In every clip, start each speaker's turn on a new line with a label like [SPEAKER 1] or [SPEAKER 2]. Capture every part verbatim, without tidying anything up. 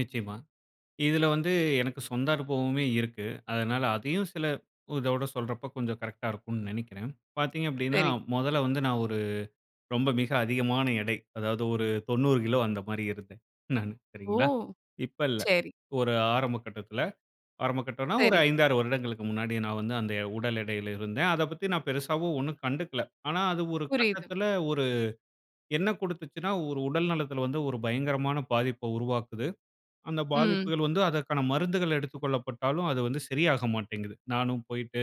[SPEAKER 1] நிச்சயமா, இதில வந்து எனக்கு சொந்த அனுபவமே இருக்கு. அதனால அதையும் சில இதோட சொல்றப்போ, கொஞ்சம் கரெக்ட்டா இருக்கும்னு நெனைக்கிறேன். பாத்தீங்க அப்படின்னா,
[SPEAKER 2] சரி.
[SPEAKER 1] மொதல்ல வந்து நான் ஒரு ரொம்ப மிக அதிகமான எடை. அதாவது, ஒரு தொண்ணூறு கிலோ அந்த மாரி இருந்தேன். நானு
[SPEAKER 2] ஓ!
[SPEAKER 1] சரிங்களா, இப்ப இல்லை.
[SPEAKER 2] சரி.
[SPEAKER 1] ஒரு ஆரம்ப கட்டத்தில. ஆரம்ப கட்டம்னா, ஒரு
[SPEAKER 2] சரி.
[SPEAKER 1] ஐந்தாறு வருடங்களுக்கு முன்னாடி நான் வந்து அந்த உடல் எடையில இருந்தேன். அதை பத்தி நான் பெருசாவும் ஒண்ணும் கண்டுக்கல. ஆனா அது ஒரு
[SPEAKER 2] புரியுது.
[SPEAKER 1] கட்டத்தில, ஒரு என்ன கொடுத்துச்சுன்னா, ஒரு உடல் நலத்தில வந்து ஒரு பயங்கரமான பாதிப்ப உருவாக்குது. அந்த
[SPEAKER 2] ம்.
[SPEAKER 1] பாதிப்புகள் வந்து, அதற்கான மருந்துகள் எடுத்துக்கொள்ளப்பட்டாலும், அது வந்து சரியாக மாட்டேன்ங்குது. நானும் போய்ட்டு,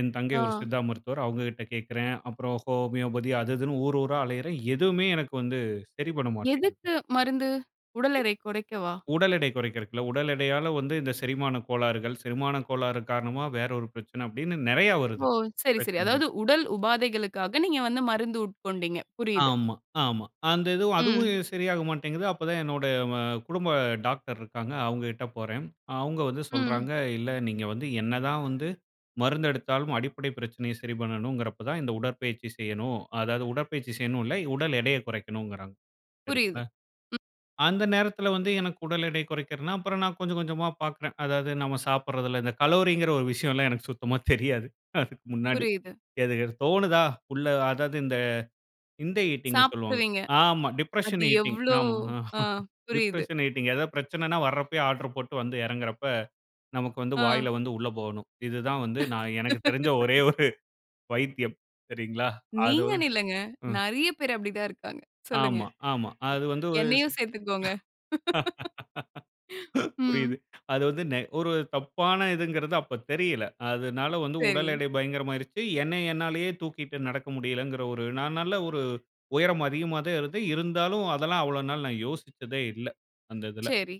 [SPEAKER 1] என் தங்கை ஒரு
[SPEAKER 2] ஆ,
[SPEAKER 1] சித்தா மருத்துவர் அவுங்க கிட்ட கேக்கிறேன். அப்புறம் ஹோமியோபதி அது இதுன்னு ஊர் ஊரா அலையுறேன். எதுவுமே எனக்கு வந்து சரி பண்ண மாட்டேங்குது.
[SPEAKER 2] எதுக்கு மருந்து? உடல்எடை குறைக்கவா?
[SPEAKER 1] உடல் எடை குறைக்கறக்கு இல்ல. உடல் எடையால வந்து இந்த செரிமான கோளாறுகள், செரிமான கோளாறு காரணமா வேற ஒரு பிரச்சனை அப்டின்னு நெறைய
[SPEAKER 2] ஓ!
[SPEAKER 1] வருது.
[SPEAKER 2] சரி சரி.
[SPEAKER 1] பிரச்சனைகள்.
[SPEAKER 2] அதாவது உடல் உபாதைகளுக்காக, நீங்க வந்து மருந்து உட்கொண்டீங்க. புரியுது.
[SPEAKER 1] ஆமா ஆமா. அந்த இதுவும்.
[SPEAKER 2] ம்.
[SPEAKER 1] அதுவும் சரியா மாட்டேங்குது. அப்போ தான் என்னோட ம குடும்ப டாக்டர் இருக்காங்க, அவுங்ககிட்ட போறேன். அ அவுங்க வந்து
[SPEAKER 2] ம்.
[SPEAKER 1] சொல்றாங்க. இல்ல நீங்க வந்து என்னதான் வந்து மருந்து எடுத்தாலும் அடிப்படை பிரச்சனையை சரி பண்ணணுங்கிறப்போ தான், இந்த உடற்பயிற்சி செய்யணும், அதாவது உடற்பயிற்சி செய்யணுன்னு இல்ல. உடல் எடைய குறைக்கணுங்கிறாங்க.
[SPEAKER 2] புரியுது.
[SPEAKER 1] சரிங்களா
[SPEAKER 2] ம்.
[SPEAKER 1] அந்த நேரத்தில வந்து எனக்கு உடல் எடை குறைக்கிறதுன்னா, அப்புறம் நான் கொஞ்சம் கொஞ்சமா பாக்கிறேன். அதாவது நம்ம சாப்பிடுறதில, இந்த கலோங்குற ஒரு விஷயம் எல்லா எனக்கு சுத்தமா தெரியாது. அதுக்கு முன்னாடி.
[SPEAKER 2] புரியுது.
[SPEAKER 1] எது எது தோணுதா? உள்ள அதாவது இந்த, இந்த ஈட்டிங்ன்னு சொல்வாங்க.
[SPEAKER 2] சாப்பிடுவீங்க.
[SPEAKER 1] ஆமா. டிப்ரஷன்
[SPEAKER 2] அது
[SPEAKER 1] ஈட்டிங்.
[SPEAKER 2] எவ்ளோ
[SPEAKER 1] ஆமா
[SPEAKER 2] அ புரியுது.
[SPEAKER 1] Depression eating. ஏதாவது பிரச்சனைன்னா, வர்ரப்பயே ஆர்டர் போட்டு வந்து எறங்குறப்ப, நமக்கு வந்து
[SPEAKER 2] ஆ,
[SPEAKER 1] வாயில வந்து உள்ள போகணும். இது தான் வந்து நான் எனக்கு தெரிந்த ஒரே ஒரு வைத்தியம் சரிங்களா? அதாவது
[SPEAKER 2] நீங்கன்னு இல்லங்க.
[SPEAKER 1] ம்.
[SPEAKER 2] நெறைய பேர் அப்படித்தான் இருக்காங்க. சொல்லுங்க.
[SPEAKER 1] ஆமா, ஆமா. அது வந்து ஒரு.
[SPEAKER 2] என்னையும் சேத்துக்கோங்க.
[SPEAKER 1] சி
[SPEAKER 2] ம்.
[SPEAKER 1] புரியுது. அது வந்து நெ ஒரு தப்பான இதுங்குறது அப்ப தெரியலை. அதுனால வந்து உடல்
[SPEAKER 2] சரி.
[SPEAKER 1] எடை பயங்கரமா ஆயிருச்சு. என்னை என்னாலயே தூக்கிட்டு நடக்க முடியல்லைங்குற ஒரு நான் நல்ல ஒரு உயரம் அதிகமா தான் இருந்தேன். இருந்தாலும் அதெல்லாம் அவ்வள நாள் நான் யோசிச்சதே இல்ல, அந்த இதில.
[SPEAKER 2] சரி.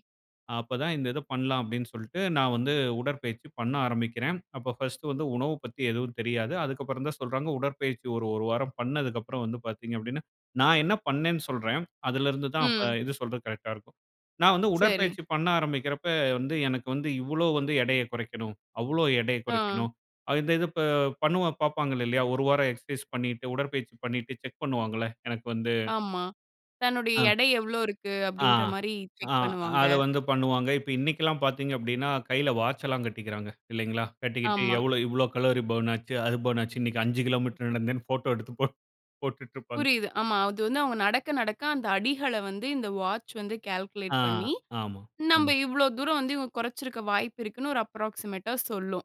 [SPEAKER 1] அப்ப தான் இந்த இத பண்ணலாம் அப்படின்னு சொல்ட்டு, நான் வந்து உடற்பயிற்சி பண்ண ஆரம்பிக்கிறேன். அப்போ ஃபர்ஸ்ட் வந்து உணவு பத்தி எதுவும் தெரியாது. அதுக்கப்புறம் தான் சொல்றாங்க. உடற்பயிற்சி ஒரு ஒரு வாரம் பண்ணதுக்கப்பறம் அப்புறம் வந்து பாத்தீங்க அப்படின்னா, நான் என்ன பண்னேன்னு சொல்றேன். அதிலருந்து தான் அப்ப
[SPEAKER 2] ம்.
[SPEAKER 1] இது சொல்றக்கு கரெக்ட்டா இருக்கும். நான் வந்து
[SPEAKER 2] சரி.
[SPEAKER 1] உடற்பயிற்சி பண்ண ஆரம்பிக்கிறப்ப வந்து எனக்கு வந்து இவ்வளளோ வந்து எடையை குறைக்கணும். அவ்வளோ எடையை
[SPEAKER 2] ஆ,
[SPEAKER 1] குறைக்கணும். இந்த இது பண்ணவ பாப்பாங்க இல்லையா, ஒரு வாரம் எக்சர்சைஸ் பண்ணிட்டு, உடற்பயிற்சி பண்ணிட்டு செக் பண்ணுவாங்கள்ல, எனக்கு வந்து
[SPEAKER 2] ஆமா, தன்னுடைய
[SPEAKER 1] ஆ
[SPEAKER 2] எடை எவ்வளோ இருக்கு?
[SPEAKER 1] ஆ,
[SPEAKER 2] அப்படின்ற மாரி
[SPEAKER 1] ஆ
[SPEAKER 2] செக் பண்ணுவாங்க.
[SPEAKER 1] அதை வந்து பண்ணுவாங்க. இப்ப இன்னிக்கலாம் எல்லாம் பாத்தீங்க அப்படின்னா, கையில வாட்ச் எல்லாம் கட்டிக்கிறாங்க. இல்லைங்களா, கட்டிக்கிட்டு
[SPEAKER 2] ஆமா.
[SPEAKER 1] எவ்ளோ, இவ்வளோ கலோரி பர்ன் ஆச்சு, அது பர்ன் ஆச்சுன்னு, இன்னைக்கு அஞ்சு கிலோமீட்டர் நடந்தேன்னு போட்டோ எடுத்து போட் போட்டுட்ருப்பாங்க.
[SPEAKER 2] புரியுது. ஆமா. அது வந்து அவுங்க நடக்க நடக்க, அந்த அடிகள வந்து இந்த வாட்ச் வந்து
[SPEAKER 1] ஆ,
[SPEAKER 2] கால்குலேட் பண்ணி,
[SPEAKER 1] ஆமா.
[SPEAKER 2] நம்ப இவ்ளோ தூரம் வந்து கொறச்சிருக்க வாய்ப்பு இருக்குன்னு ஒரு அப்ராக்ஸிமேட்டா சொல்லும்.